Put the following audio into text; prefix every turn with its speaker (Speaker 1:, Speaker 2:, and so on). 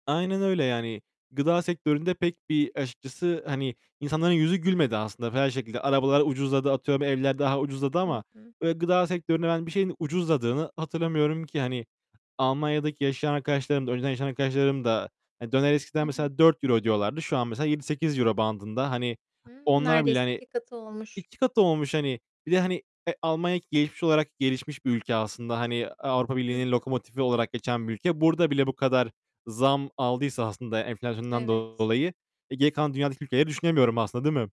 Speaker 1: Aynen öyle yani. Gıda sektöründe pek bir, açıkçası, hani, insanların yüzü gülmedi aslında her şekilde. Arabalar ucuzladı, atıyorum, evler daha ucuzladı
Speaker 2: Hı
Speaker 1: ama
Speaker 2: hı.
Speaker 1: böyle gıda sektöründe ben bir şeyin ucuzladığını hatırlamıyorum ki. Hani, Almanya'daki yaşayan arkadaşlarım da önceden yaşayan arkadaşlarım da Ha, döner
Speaker 2: Hı
Speaker 1: eskiden
Speaker 2: hı.
Speaker 1: mesela €4 ödüyorlardı. Şu an mesela €7-8 bandında. Hani,
Speaker 2: Hımm,
Speaker 1: onlar bile,
Speaker 2: neredeyse
Speaker 1: hani,
Speaker 2: 2 katı olmuş.
Speaker 1: 2 katı olmuş, hani. Bir de, hani, e, Almanya gelişmiş olarak, gelişmiş bir ülke aslında. Hani, Avrupa
Speaker 2: Hı
Speaker 1: Birliği'nin
Speaker 2: hı.
Speaker 1: lokomotifi olarak geçen bir ülke. Burada bile bu kadar zam aldıysa aslında enflasyondan
Speaker 2: Evet.
Speaker 1: dolayı, e, geri kalan dünyadaki ülkeleri düşünemiyorum aslında, değil mi?